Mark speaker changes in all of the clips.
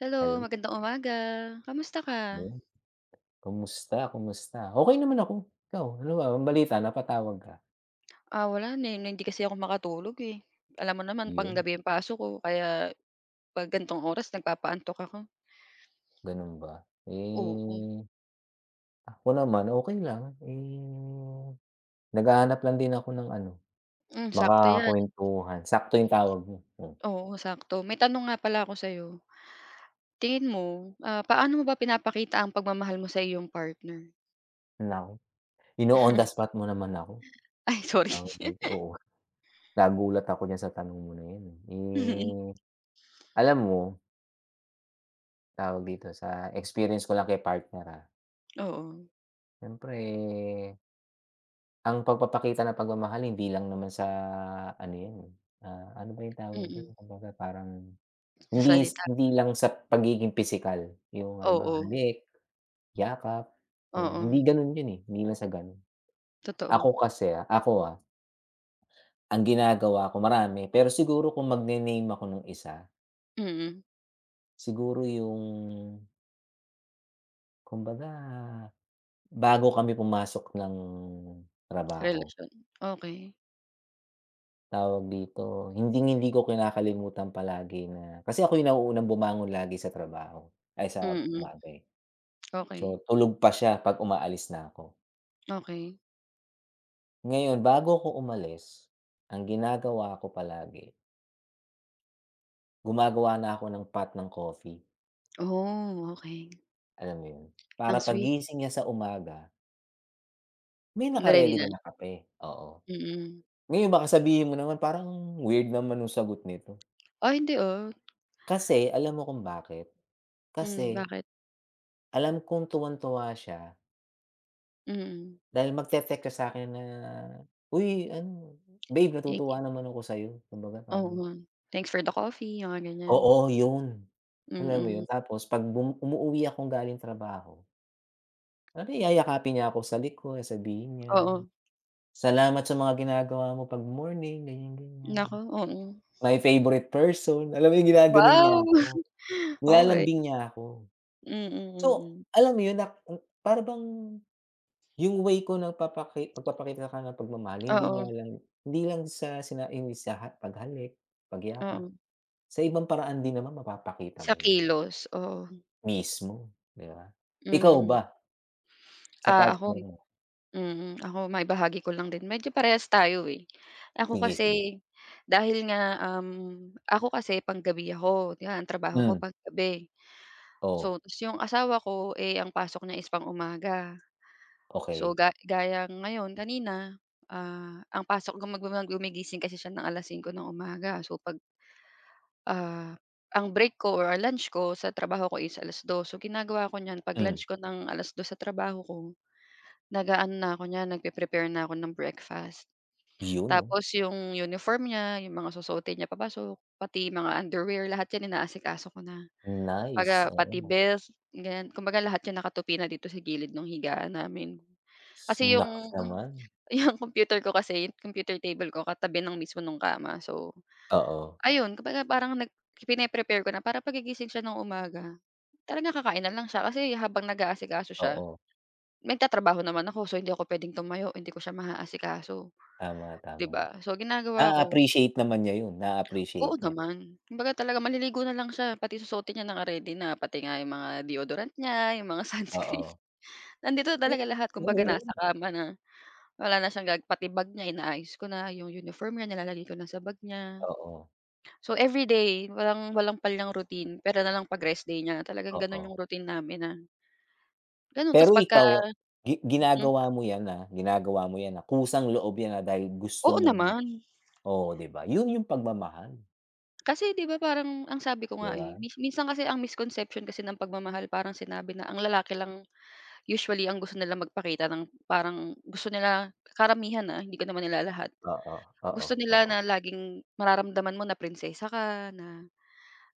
Speaker 1: Hello,
Speaker 2: Hello.
Speaker 1: magandang umaga. Kamusta
Speaker 2: No
Speaker 1: ka?
Speaker 2: yun. Kumusta, kumusta? Okey naman ako, ikaw ano ba, anong balita napatawag ka?
Speaker 1: Ah, wala na hindi kasi ako makatulog, eh, alam mo naman
Speaker 2: Iyun.
Speaker 1: panggabi ang pasok ko kaya 'pag gantong oras nagpapaantok ako.
Speaker 2: Ganun ba?
Speaker 1: Oo.
Speaker 2: Eh, ah, ako naman okey lang, eh, naghahanap lang din ako ng ano,
Speaker 1: Hmm, sakto yan.
Speaker 2: makakuwentuhan, sakto yung tawag mo, mm.
Speaker 1: Oo, sakto may tanong nga pala ako sa'yo, tingin mo, ah, paano mo ba pinapakita ang pagmamahal mo sa iyong partner?
Speaker 2: Naku, ino-on the spot mo naman ako.
Speaker 1: Ay sorry.
Speaker 2: Tawag dito, oo nagulat ako diyan sa tanong mo na yan, eh.
Speaker 1: Mhm.
Speaker 2: Eh, alam mo Tawag dito sa experience ko lang kay partner, ah.
Speaker 1: Oo.
Speaker 2: Siyempre Ang pagpapakita ng pagmamahal hindi lang naman sa ano yan, eh, ah, ano ba yung tawag dun?
Speaker 1: Mm.
Speaker 2: Kumbaga parang
Speaker 1: Sa
Speaker 2: hindis
Speaker 1: salita.
Speaker 2: hindi lang sa pagiging pisikal, yung halimbawa
Speaker 1: Oo.
Speaker 2: halik, yakap, hmm,
Speaker 1: Oo.
Speaker 2: hindi ganun yun, eh, hindi lang sa ganun.
Speaker 1: Totoo
Speaker 2: Ako kasi, ako ah Ang ginagawa ko marami pero siguro kung magne-name ako ng isa
Speaker 1: Mm.
Speaker 2: Siguro yung kumbaga, bago kami pumasok ng trabaho.
Speaker 1: Relasyon, okey.
Speaker 2: Tawag dito, hinding-hindi ko kinakalimutan palagi na kasi ako 'yung nauunang bumangon lagi sa trabaho. Ay, sa
Speaker 1: Mm,
Speaker 2: bagay.
Speaker 1: okey.
Speaker 2: So, tulog pa siya, 'pag umaalis na 'ko.
Speaker 1: Okey.
Speaker 2: Ngayon, bago 'ko umalis, ang ginagawa ko palagi gumagawa na ako ng pot ng coffee.
Speaker 1: Oh, okey.
Speaker 2: Alam mo 'yon,
Speaker 1: Ang
Speaker 2: para
Speaker 1: sweet.
Speaker 2: paggising niya sa umaga may
Speaker 1: Na-ready
Speaker 2: naka-ready
Speaker 1: na.
Speaker 2: na na kape, oo.
Speaker 1: Mm.
Speaker 2: Ngayon, baka sabihin mo naman, "Parang weird naman no'ng sagot nito".
Speaker 1: Ah, hindi, ah.
Speaker 2: Kasi, alam mo kung bakit?
Speaker 1: Hmm,
Speaker 2: Kasi
Speaker 1: bakit?
Speaker 2: alam kong tuwang-tuwa siya
Speaker 1: Mm.
Speaker 2: dahil magte-text ka sakin na, "Uy, ano, babe,
Speaker 1: Thank
Speaker 2: natutuwa
Speaker 1: you.
Speaker 2: naman ako sa'yo." Kumbaga parang
Speaker 1: Oo. Thanks for the coffee. 'Yong mga ganyan.
Speaker 2: Oo, 'yon. Alam mo
Speaker 1: Mm.
Speaker 2: 'yon, tapos 'pag bum umuuwi akong galing trabaho Ano yayakapin niya ako sa likod sabihin niya.
Speaker 1: Oo.
Speaker 2: "Salamat sa mga ginagawa mo 'pag morning ganiyan, ganiyan.
Speaker 1: Naku, mm.
Speaker 2: My favorite person." Alam mo 'yung ginaganon niya
Speaker 1: Wow!
Speaker 2: ako,
Speaker 1: Okey.
Speaker 2: nilalambing niya ako.
Speaker 1: Mm,
Speaker 2: So
Speaker 1: mm.
Speaker 2: alam mo 'yun, na hmm, para bang 'yung way 'ko 'no, na papaki pagpapakita ng kaniyang pagmamahal hindi nga
Speaker 1: Oo.
Speaker 2: lang hindi lang sa sina 'yung sa paghalik, pagyakap.
Speaker 1: Oo.
Speaker 2: Sa ibang paraan din naman mapapakita
Speaker 1: Sa
Speaker 2: mo 'yun.
Speaker 1: kilos, oo.
Speaker 2: Mismo, 'di ba? Ikaw
Speaker 1: Mm.
Speaker 2: ba sa
Speaker 1: Ah,
Speaker 2: partner
Speaker 1: ako
Speaker 2: mo?
Speaker 1: mm. Ako, maibahagi ko lang din, medyo parehas tayo, eh. Ako
Speaker 2: Sige, sige.
Speaker 1: kasi, dahil nga, um, ako kasi panggabi ako, 'yan trabaho ko
Speaker 2: Hmm.
Speaker 1: panggabi, so
Speaker 2: Oo.
Speaker 1: tas 'yung asawa ko, eh, ang pasok niya is pang umaga. So
Speaker 2: Okey.
Speaker 1: ga gaya ngayon kanina, ah, ang pasok guma gumigising kasi siya ng 5:00 ng umaga, so pag ah, ang break ko or, ah, lunch ko sa trabaho ko is 2:00, so ginagawa ko niyan, 'pag
Speaker 2: Hmm.
Speaker 1: lunch ko, ng 2:00 sa trabaho ko, nag-aano na ako niyan, nagpre-prepare na ako ng breakfast.
Speaker 2: 'Yun 'no.
Speaker 1: Tapos 'yong uniform niya, 'yong mga susuotin niya papasok, pati mga underwear lahat 'yan inaasikaso ko na.
Speaker 2: Nice,
Speaker 1: Baga pati
Speaker 2: oo.
Speaker 1: belt ganiyan, kumbaga lahat 'yan nakatupi na dito sa gilid nung higaan namin. Kasi
Speaker 2: Naks
Speaker 1: 'yong
Speaker 2: naman.
Speaker 1: 'yong computer ko kasi, 'yong kompyuter table ko katabi ng mismo no'ng kama, so,
Speaker 2: Oo.
Speaker 1: ayun kumbaga parang nag pine-prepare ko na para paggigising siya ng umaga, talaga kakain na lang siya. Kasi habang nag-aasikaso siya,
Speaker 2: Oo.
Speaker 1: nagtatrabaho naman ako, so hindi ako puwedeng tumayo, hindi ko siya maaasikaso,
Speaker 2: Tama,
Speaker 1: 'di
Speaker 2: tama.
Speaker 1: ba, so ginagawa ko
Speaker 2: Naa-appreciate naman niya 'yun,
Speaker 1: Oo
Speaker 2: naa-appreciate niya.
Speaker 1: naman, kumbaga talaga maliligo na lang siya, pati susuotin niya naka-ready na, pati nga 'yung mga deodorant niya, 'yung mga sunscreen
Speaker 2: Oo.
Speaker 1: nandito
Speaker 2: Ngep
Speaker 1: talaga lahat, kumbaga nasa
Speaker 2: [unintelligible]
Speaker 1: kama na, wala na siyang ga pati bag niya inaayos ko na, 'yung uniform niya nilalagay ko na sa bag niya.
Speaker 2: Oo.
Speaker 1: So everyday, walang walang palyang niyang routine puwera na lang 'pag rest day niya, talagang gano'n
Speaker 2: Oo.
Speaker 1: 'yung routine namin na Gano'n tas
Speaker 2: Pero
Speaker 1: pagka
Speaker 2: ikaw gi
Speaker 1: Mhm.
Speaker 2: ginagawa mo 'yan, ah, ginagawa mo 'yan, ah, kusang loob 'yan, ah, dahil gusto
Speaker 1: Oo,
Speaker 2: mong
Speaker 1: naman.
Speaker 2: oo, 'di ba, 'yun 'yung pagmamahal.
Speaker 1: Kasi 'di ba, parang ang sabi ko
Speaker 2: Di
Speaker 1: nga, eh,
Speaker 2: ba?
Speaker 1: mis minsan kasi ang misconception kasi ng pagmamahal parang sinabi na, ang lalaki lang usually ang gusto nilang magpakita ng parang gusto nila karamihan, ah, hindi ko naman nilalahat.
Speaker 2: Oo, oo,
Speaker 1: Gusto nila
Speaker 2: oo.
Speaker 1: na laging mararamdaman mo na prinsesa ka, na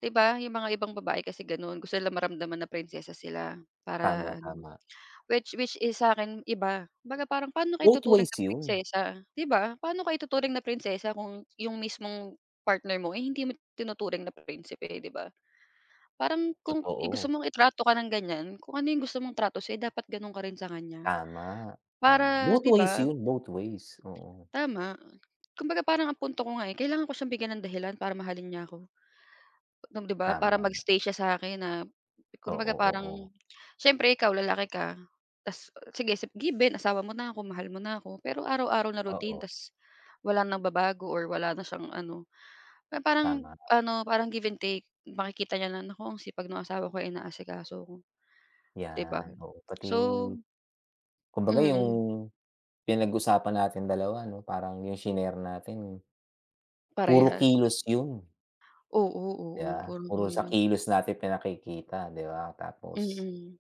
Speaker 1: 'di ba, 'yong mga ibang babae kasi gano'n, gusto nilang maramdaman na prinsesa sila
Speaker 2: Tama,
Speaker 1: para ano,
Speaker 2: tama.
Speaker 1: which, which is sa akin iba, 'baga parang paano ka
Speaker 2: Both ways
Speaker 1: ituturing na
Speaker 2: 'yun.
Speaker 1: prinsesa, 'di ba? Paano ka ituturing na prinsesa kung 'yung mismong partner mo, eh, hindi mo itinuturing na prinsipe, 'di ba? Parang kung i-gusto
Speaker 2: Totoo.
Speaker 1: mong itrato ka ng ganiyan, kung ano 'yung gusto mong trato sa'yo dapat gano'n ka rin sa kaniya,
Speaker 2: Tama, tama,
Speaker 1: para
Speaker 2: both
Speaker 1: di
Speaker 2: ways
Speaker 1: ba?
Speaker 2: 'yun, both ways, oo.
Speaker 1: Tama, kumbaga parang ang punto ko nga, eh, kailangan ko siyang bigyan ng dahilan para mahalin niya ako. Nung di ba, para
Speaker 2: Tama.
Speaker 1: mag-stay siya sa akin na kumbaga
Speaker 2: Oo,
Speaker 1: parang
Speaker 2: oo.
Speaker 1: siyempre ikaw lalaki ka, tas sige, given asawa mo na ako, mahal mo na ako, pero araw-araw na routine
Speaker 2: Oo.
Speaker 1: tas walang nagbabago or wala na siyang ano na parang
Speaker 2: Tama, nga.
Speaker 1: ano, parang give and take makikita niya na, "naku ang sipag nung asawa ko inaasikaso ako," di ba?
Speaker 2: 'Yan, oo, pati
Speaker 1: So.
Speaker 2: kumbaga 'yung
Speaker 1: Mm.
Speaker 2: pinag-usapan nating dalawa ano, parang 'yung shinare natin puro
Speaker 1: Parehas.
Speaker 2: kilos 'yun.
Speaker 1: Oo, oo,
Speaker 2: Yeah,
Speaker 1: parang
Speaker 2: puro sa
Speaker 1: hirap.
Speaker 2: kilos natin pinakikita, di ba? Tapos,
Speaker 1: Mm.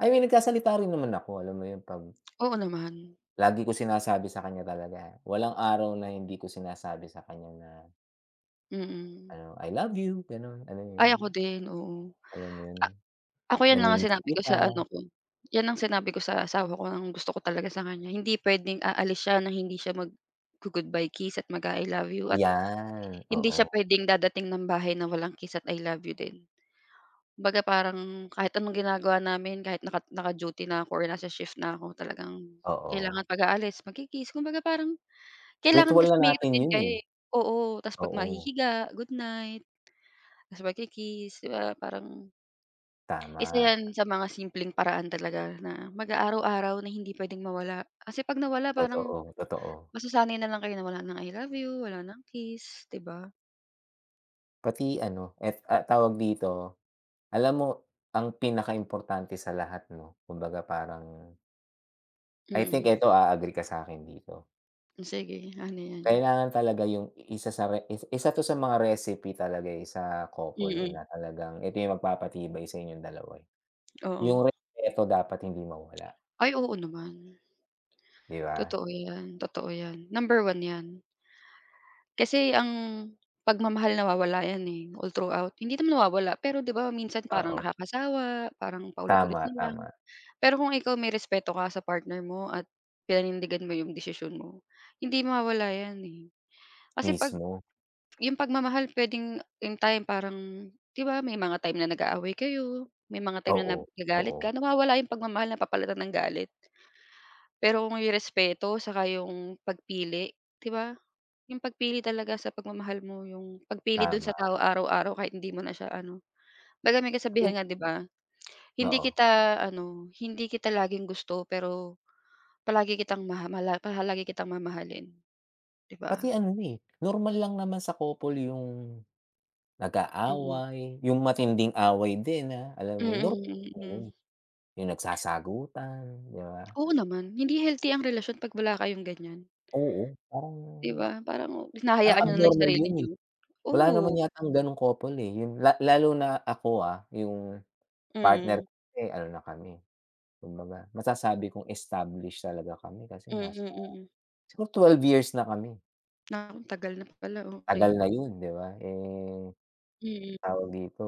Speaker 2: I mean, nagsasalita rin naman ako. Alam mo 'yun, pag
Speaker 1: Oo, naman.
Speaker 2: Lagi ko sinasabi sa kaniya talaga, walang araw na hindi ko sinasabi sa kaniya na
Speaker 1: Mm.
Speaker 2: ano "I love you," gano'n, alam mo
Speaker 1: Ay
Speaker 2: 'yun?
Speaker 1: ako din, oo.
Speaker 2: Alam mo 'yun,
Speaker 1: A ako, 'yan lang ang
Speaker 2: "Nami-miss
Speaker 1: sinabi ko
Speaker 2: kita."
Speaker 1: sa ano ko, 'yan ang sinabi ko sa asawa ko, nang gusto ko talaga sa kaniya, hindi puwedeng aalis siya na hindi siya maggo-goodbye kiss at mag-a-I love you at
Speaker 2: 'Yan,
Speaker 1: hindi siya
Speaker 2: oo.
Speaker 1: puwedeng dadating ng bahay na walang kiss at I love you din. Kumbaga parang kahit anong ginagawa namin kahit naka naka-duty na ako nasa shift na ako, talagang
Speaker 2: Oo.
Speaker 1: kailangan pag-aalis magki-kiss kumbaga parang kailangan
Speaker 2: Ritual
Speaker 1: kasi
Speaker 2: na
Speaker 1: may
Speaker 2: natin
Speaker 1: routine
Speaker 2: 'yun,
Speaker 1: kayo,
Speaker 2: eh.
Speaker 1: eh. Oo, tas 'pag
Speaker 2: Oo.
Speaker 1: mahihiga, goodnight, tas magki-kiss di ba parang Isa
Speaker 2: Tama.
Speaker 1: 'yan sa mga simpleng paraan talaga na mag-a araw-araw na hindi puwedeng mawala kasi 'pag nawala, parang
Speaker 2: Totoo, totoo.
Speaker 1: masasanay na lang kayo na wala ng I love you wala ng kiss, di ba?
Speaker 2: Pati ano, et ah, tawag dito, alam mo, ang pinakaimportante sa lahat ano, kumbaga parang I think
Speaker 1: Mm.
Speaker 2: eto, a-agree ka sa'kin dito.
Speaker 1: Oh, sige ano 'yan?
Speaker 2: Kailangan talaga 'yung isa sa re is isa 'to sa mga recipe talaga, eh, sa couple, eh,
Speaker 1: Mm.
Speaker 2: na talagang ito 'yung magpapatibay sa inyong dalawa, eh,
Speaker 1: Oo.
Speaker 2: 'yung respeto dapat hindi mawala.
Speaker 1: Ay, oo, naman.
Speaker 2: Di ba?
Speaker 1: Totoo 'yan, totoo 'yan, number 1 'yan. Kasi ang pagmamahal nawawala 'yan, eh, all throughout, hindi naman nawawala, pero 'di ba, minsan parang
Speaker 2: Oo.
Speaker 1: nakakasawa, parang paulit-ulit
Speaker 2: Tama,
Speaker 1: na lang.
Speaker 2: tama.
Speaker 1: Pero kung ikaw may respeto ka sa partner mo at pinanindigan mo 'yong desisyon mo, hindi mawawala 'yan, eh, kasi 'pag
Speaker 2: Mismo.
Speaker 1: 'yung pagmamahal puwedeng 'yung time, parang 'di ba, may mga time na nag-aaway kayo, may mga time na nag
Speaker 2: Oo,
Speaker 1: nagalit
Speaker 2: oo.
Speaker 1: ka, nawawala 'yung pagmamahal, napapalitan ng galit. Pero may respeto, saka 'yung pagpili, di ba, 'yung pagpili talaga sa pagmamahal mo, 'yung pagpili do'n sa
Speaker 2: Tama.
Speaker 1: tao araw-araw kahit hindi mo na siya ano kumbaga may kasabihan
Speaker 2: Ip
Speaker 1: nga, 'di ba, "Hindi
Speaker 2: Oo.
Speaker 1: kita ano, hindi kita laging gusto, pero palagi kitang maha mala paha lagi kitang mamahalin," 'di
Speaker 2: Pati
Speaker 1: ba?
Speaker 2: ano, eh, normal lang naman sa couple 'yung
Speaker 1: Mm.
Speaker 2: nag-aaway, 'yung matinding away din, ah, alam mo 'yun,
Speaker 1: Mm,
Speaker 2: normal 'yun,
Speaker 1: mm.
Speaker 2: 'yung nagsasagutan, di ba?
Speaker 1: Oo, naman. Hindi healthy ang relasyon 'pag wala kayong ganiyan.
Speaker 2: Oo, parang
Speaker 1: Di ba, parang
Speaker 2: parang
Speaker 1: hinahayaan niyo na lang 'yung
Speaker 2: abnormal
Speaker 1: sarili
Speaker 2: 'yun, eh,
Speaker 1: niyo,
Speaker 2: wala naman
Speaker 1: oo.
Speaker 2: yatang gano'ng couple, eh,' yung la lalo na ako, ah, 'yung partner
Speaker 1: Mm.
Speaker 2: ko, eh, ano na kami, kumbaga, masasabi kong established talaga kami, kasi
Speaker 1: Mm,
Speaker 2: nasa
Speaker 1: mm.
Speaker 2: siguro 12 years na kami.
Speaker 1: Na ang tagal na pala,
Speaker 2: Tagal
Speaker 1: okey.
Speaker 2: na 'yun di ba, eh,
Speaker 1: Mm.
Speaker 2: tawag dito,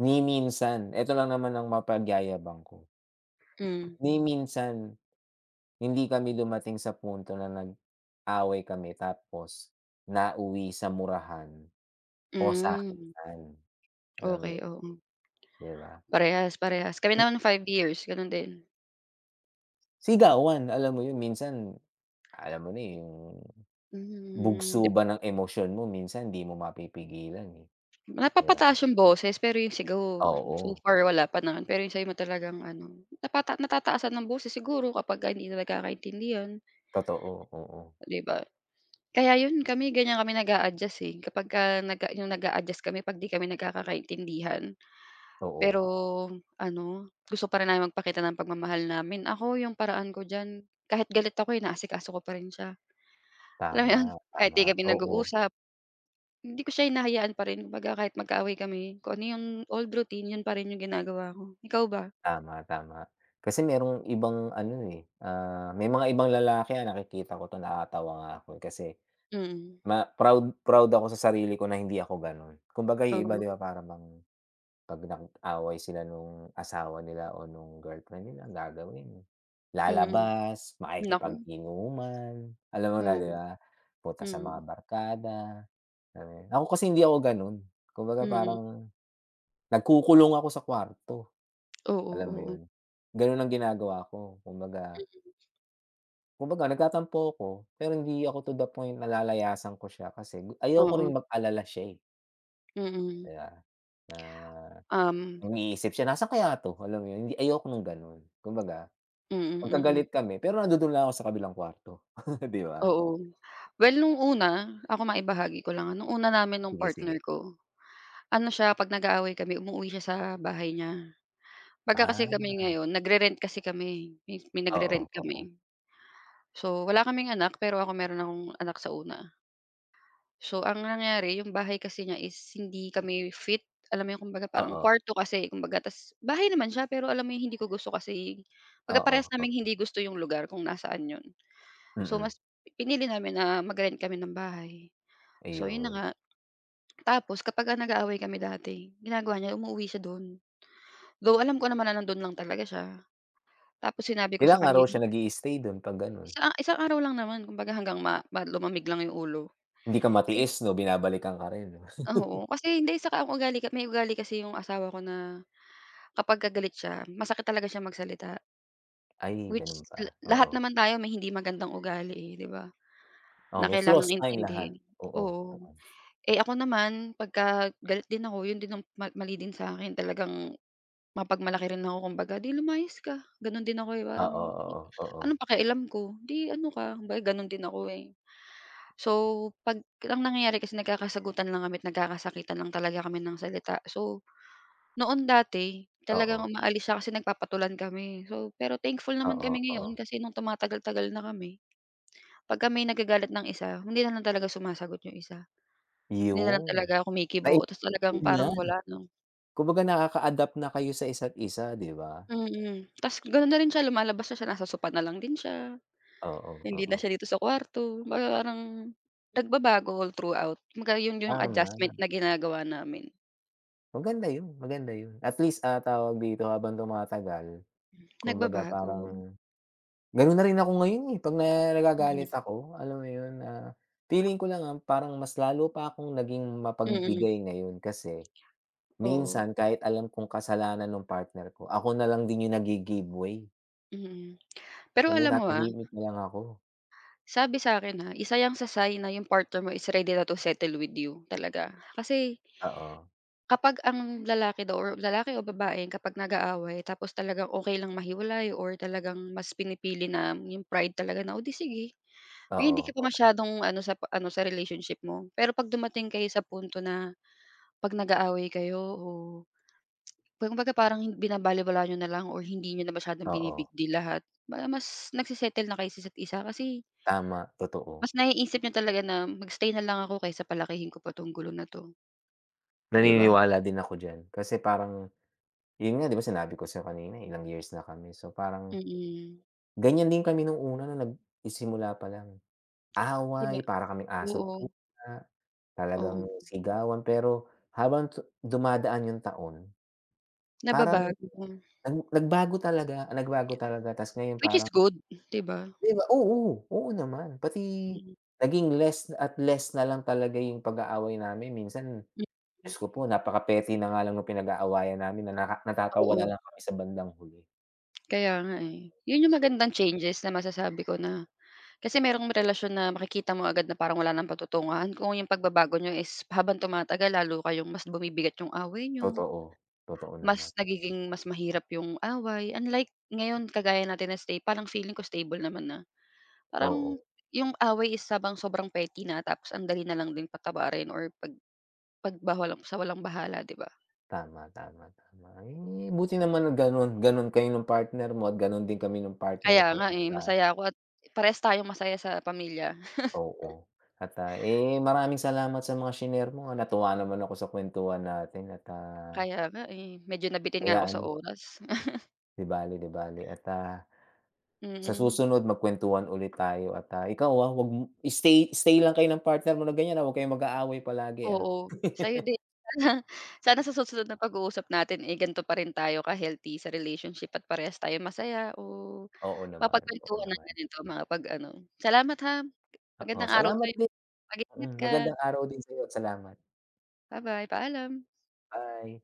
Speaker 2: ni minsan, eto lang naman ang mapagyayabang ko.
Speaker 1: Hmm.
Speaker 2: Ni minsan, hindi kami dumating sa punto na nag-away kami, tapos nauwi sa murahan o
Speaker 1: Hmm.
Speaker 2: sakitan, alam mo
Speaker 1: Okey,
Speaker 2: 'yun,
Speaker 1: oo.
Speaker 2: 'di ba.
Speaker 1: Parehas, parehas, kami naman 5 years ganon din.
Speaker 2: Sigawan, alam mo 'yun. Minsan, alam mo na, eh, 'yung
Speaker 1: Hmm,
Speaker 2: bugso
Speaker 1: dep
Speaker 2: ba ng emosyon mo minsan di mo mapipigilan, eh, 'di ba?
Speaker 1: Napapataas 'yong boses pero yung sigaw, so
Speaker 2: Oo.
Speaker 1: far wala pa naman pero yung sa'yo ma talagang ano, napata natataasan ang boses siguro kapag hindi na nagkakaintindihan.
Speaker 2: Totoo, oo.
Speaker 1: Di ba? Kaya 'yon, kami ganyan kami nag-a-adjust, eh, kapag ka nag 'yong nag-a-adjust kami 'pag 'di kami nagkakaintindihan, pero
Speaker 2: Oo.
Speaker 1: ano gusto pa rin namin magpakita ng pagmamahal namin. Ako 'yong paraan ko diyan, kahit galit ako inaasikaso ko pa rin siya, alam mo 'yon
Speaker 2: Tama,
Speaker 1: kahit di
Speaker 2: tama,
Speaker 1: kami
Speaker 2: oo.
Speaker 1: nag-uusap, hindi ko siya hinahayaan pa rin, kumbaga kahit magkaaway kami, kung ano yung old routine 'yun pa rin 'yung ginagawa ko. Ikaw ba?
Speaker 2: Tama, tama. Kasi merong ibang ano, eh, ah, may mga ibang lalaki, ah, nakikita ko 'to nakakatawa nga ako kasi,
Speaker 1: Mm.
Speaker 2: ma proud proud ako sa sarili ko na hindi ako ganun. Kumbaga 'yung iba
Speaker 1: Oo.
Speaker 2: 'di ba para bang, 'pag nag-away sila nung asawa nila o nung girlfriend nila, gagawin
Speaker 1: Mm,
Speaker 2: lalabas,
Speaker 1: naku.
Speaker 2: makikipag-inuman, alam mo na
Speaker 1: Oh,
Speaker 2: 'di ba, punta sa mga
Speaker 1: mm.
Speaker 2: barkada. [unintelligible] Ako kasi hindi ako ganon, kumbaga
Speaker 1: Mm.
Speaker 2: parang, nagkukulong ako sa kwarto,
Speaker 1: Oo,
Speaker 2: alam mo
Speaker 1: oo.
Speaker 2: 'yun, ganun ang ginagawa ko kumbaga
Speaker 1: Mm.
Speaker 2: Kumbaga, nagtatampo ako, pero hindi ako to the point na lalayasan ko siya, kasi gu ayoko rin
Speaker 1: Mm.
Speaker 2: mag-alala siya, eh.
Speaker 1: Mm.
Speaker 2: Kaya na
Speaker 1: Um.
Speaker 2: mag-iisip siya, "Nasaan kaya 'to?" Alam mo 'yun, hindi ayoko nung ganun. Kumbaga,
Speaker 1: Mm, mm.
Speaker 2: magkagalit kami, pero nandudoon lang ako sa kabilang kuwarto, di ba?
Speaker 1: Oo, well no'ng una, ako, maibahagi ko lang. No'ng una namin no'ng
Speaker 2: Sige,
Speaker 1: partner
Speaker 2: sige.
Speaker 1: ko, ano siya, 'pag nag-aaway kami, umuuwi siya sa bahay niya. Baga kasi
Speaker 2: Ah.
Speaker 1: kami ngayon, nagre-rent kasi kami, eh. May nagre-rent
Speaker 2: Oo, oo.
Speaker 1: kami. So, wala kaming anak, pero ako meron akong anak sa una. So, ang nangyari, yung bahay kasi niya is hindi kami fit. Alam mo yung, kumbaga, parang
Speaker 2: Oo.
Speaker 1: kuwarto kasi, kumbaga, ta's bahay naman siya, pero alam mo yung hindi ko gusto kasi baga
Speaker 2: Oo,
Speaker 1: parehas naming
Speaker 2: oo.
Speaker 1: hindi gusto yung lugar kung nasaan 'yon. So,
Speaker 2: Mm.
Speaker 1: mas pinili namin na mag-rent kami ng bahay. So, 'yon na
Speaker 2: Ayun.
Speaker 1: nga. Tapos kapag, ah, nag-aaway kami dati, ginagawa niya umuuwi siya do'n. Though, alam ko naman nando'n lang talaga siya. Tapos sinabi ko sa
Speaker 2: Ilang
Speaker 1: kanya,
Speaker 2: araw siya
Speaker 1: yi
Speaker 2: nag-i-stay dun 'pag gano'n?
Speaker 1: Isa isang araw lang naman. Kumbaga, hanggang ma ba lumamig lang yung ulo.
Speaker 2: Hindi ka
Speaker 1: Ka
Speaker 2: matiis, 'no? Binabalikan ka rin, 'no?
Speaker 1: Oo. Kasi hindi, saka ang ugali may ugali kasi yung asawa ko na kapagka galit siya, masakit talaga siyang magsalita.
Speaker 2: Ay,
Speaker 1: Which
Speaker 2: ganun
Speaker 1: la
Speaker 2: ba,
Speaker 1: lahat
Speaker 2: oo.
Speaker 1: naman tayo may hindi magandang ugali eh, 'di ba,
Speaker 2: Oh,
Speaker 1: na
Speaker 2: may flaws
Speaker 1: kailangang
Speaker 2: tayong lahat,
Speaker 1: intindihin,
Speaker 2: oo,
Speaker 1: oo.
Speaker 2: gano'n.
Speaker 1: Eh, ako naman pagka galit din ako, yun din ang ma mali din sa akin, talagang mapagmalaki rin ako, kumbaga, "'Di lumayas ka," Gano'n din ako eh,
Speaker 2: Oo,
Speaker 1: parang
Speaker 2: oo, oo.
Speaker 1: anong pakialam ko, 'di ano ka, kumbaga ganun din ako eh. So, 'pag ang nangyayari kasi nagkakasagutan lang kami't nagkakasakitan lang talaga kami ng salita. So, noon dati talagang
Speaker 2: Oo.
Speaker 1: umaalis siya kasi nagpapatulan kami. So, pero thankful naman
Speaker 2: Oo,
Speaker 1: kami ngayon
Speaker 2: oo.
Speaker 1: kasi nung tumatagal-tagal na kami pagka may nagagalit ng isa hindi nalang talaga sumasagot yung isa. Hindi nalang
Speaker 2: Yun,
Speaker 1: talaga
Speaker 2: nai
Speaker 1: kumikibo ta's talagang
Speaker 2: yun lang.
Speaker 1: parang wala, 'no?
Speaker 2: Kumbaga nakaka-adapt na kayo sa isa't isa, 'di ba?
Speaker 1: Mm, ta's ganun na rin siya, lumalabas na siya, nasa sofa nalang din siya,
Speaker 2: Oo,
Speaker 1: hindi na
Speaker 2: oo.
Speaker 1: siya dito sa kuwarto. Kumbaga parang nagbabago all throughout. Kumbaga yun yung
Speaker 2: Tama
Speaker 1: adjustment
Speaker 2: nama
Speaker 1: na ginagawa namin.
Speaker 2: Maganda yun, maganda yun, at least, ah, tawag dito, habang tumatagal
Speaker 1: Hmm.
Speaker 2: kumbaga
Speaker 1: Nagbabago.
Speaker 2: parang ganun na rin ako ngayon eh, 'pag na
Speaker 1: Mm.
Speaker 2: nagagalit ako, alam mo yun, ah, feeling ko lang, ah, parang mas lalo pa akong naging
Speaker 1: Mm.
Speaker 2: mapagbigay ngayon kasi
Speaker 1: Oo.
Speaker 2: minsan kahit alam kong kasalanan nung partner ko, ako nalang din yung naggi-give way.
Speaker 1: Mm. Pero,
Speaker 2: Mamaya,
Speaker 1: alam mo, ah
Speaker 2: natahimik na lang ako.
Speaker 1: sabi sa'kin ha, isa 'yan sa sign na 'yung partner mo is ready na to settle with you, talaga. Kasi
Speaker 2: Oo.
Speaker 1: kapag ang lalaki daw, or lalaki o babae, kapag nag-aaway, tapos talagang okey lang mahiwalay or talagang mas pinipili na 'yung pride talaga na, "O, 'di sige" na hindi
Speaker 2: Oo,
Speaker 1: ka pa
Speaker 2: oo.
Speaker 1: masyadong ano, sa p ano sa relationship mo. Pero, 'pag dumating kayo sa punto na 'pag nag-aaway kayo o ba kumbaga, parang binabalewala niyo na lang or hindi niyo na masyadong
Speaker 2: Oo.
Speaker 1: bini-big deal lahat, parang mas nagse-settle na kayo sa isa't-isa. Kasi
Speaker 2: Tama, totoo.
Speaker 1: mas naiisip niyo talaga na mag-stay na lang ako kaysa palakihin ko pa 'tong gulo na 'to. 'Di ba?
Speaker 2: Naniniwala din ako diyan kasi parang, yun nga, 'di ba sinabi ko sa'yo kanina, ilang years na kami, so, parang
Speaker 1: Mm.
Speaker 2: ganyan din kami no'ng una nagsisimula pa lang.
Speaker 1: 'Di ba
Speaker 2: Away, para kaming aso't
Speaker 1: Oo.
Speaker 2: pusa, talagang
Speaker 1: Oo.
Speaker 2: sigawan pero, habang du dumadaan 'yung taon, parang
Speaker 1: Nababago mo.
Speaker 2: nag nagbago talaga, nagbago talaga. Ta's ngayon,
Speaker 1: Which is
Speaker 2: parang
Speaker 1: good, 'di ba?
Speaker 2: 'Di ba oo, oo naman. Pati,
Speaker 1: Mm.
Speaker 2: naging less at less na lang talaga 'yung pag-aaway namin. Minsan,
Speaker 1: M
Speaker 2: Diyos ko po, napaka-petty na nga lang no'ng pinag-aawayan namin na naka natatawa na
Speaker 1: Oo.
Speaker 2: lang kami sa bandang huli.
Speaker 1: Kaya nga, eh. 'Yon, 'yong
Speaker 2: So
Speaker 1: magandang changes na masasabi ko na. Kasi merong relasyon na makikita mo agad na parang wala nang patutunguhan. Kung 'yong pagbabago niyo is pa habang tumatagal lalo kayong mas bumibigat 'yong away niyo.
Speaker 2: Totoo. Totoo
Speaker 1: Mas
Speaker 2: naman.
Speaker 1: nagiging mas mahirap 'yong away unlike ngayon kagaya natin na stay parang feeling ko stable naman na. Parang
Speaker 2: Oo.
Speaker 1: 'yong away is habang sobrang petty na tapos andali na lang din patawarin or pag pagbahwalam sawalang-bahala, 'di ba?
Speaker 2: Tama, tama, tama. Ay, eh, buti naman ganon, ganon kayo 'nung partner mo at ganon din kami nung partner
Speaker 1: Kaya
Speaker 2: ko.
Speaker 1: nga, eh,
Speaker 2: Kumbaga
Speaker 1: masaya ako at parehas tayong masaya sa pamilya.
Speaker 2: Oo, at, ah, eh, maraming salamat sa mga shinare mo, natuwa naman ako sa kwentuhan natin at, ah
Speaker 1: Kaya nga, eh, medyo nabitin nga ako sa
Speaker 2: Ayan.
Speaker 1: oras.
Speaker 2: 'Di bale, 'di bale at, ah, sa
Speaker 1: Mm.
Speaker 2: susunod magkwentuhan ulit tayo at, ah, ikaw wa huwag mo stay, stay lang kayo ng partner mo na ganyan, ah. Huwag kayong mag-aaway palagi, ah.
Speaker 1: Oo, sa'yo din. Sana, sana sa susunod na pag-uusap natin, eh, ganto pa rin tayo ka-healthy sa relationship at parehas tayo masaya o
Speaker 2: Oo naman. Oo,
Speaker 1: mapagkwentuhan ng
Speaker 2: naman.
Speaker 1: ganito mga 'pag ano. Salamat, ham.
Speaker 2: Oo,
Speaker 1: Magandang araw
Speaker 2: salamat
Speaker 1: sa'yo
Speaker 2: din.
Speaker 1: mag-ingat
Speaker 2: Hmm,
Speaker 1: ka.
Speaker 2: magandang araw din sa'yo at salamat.
Speaker 1: Ba-bye, paalam.
Speaker 2: Bye.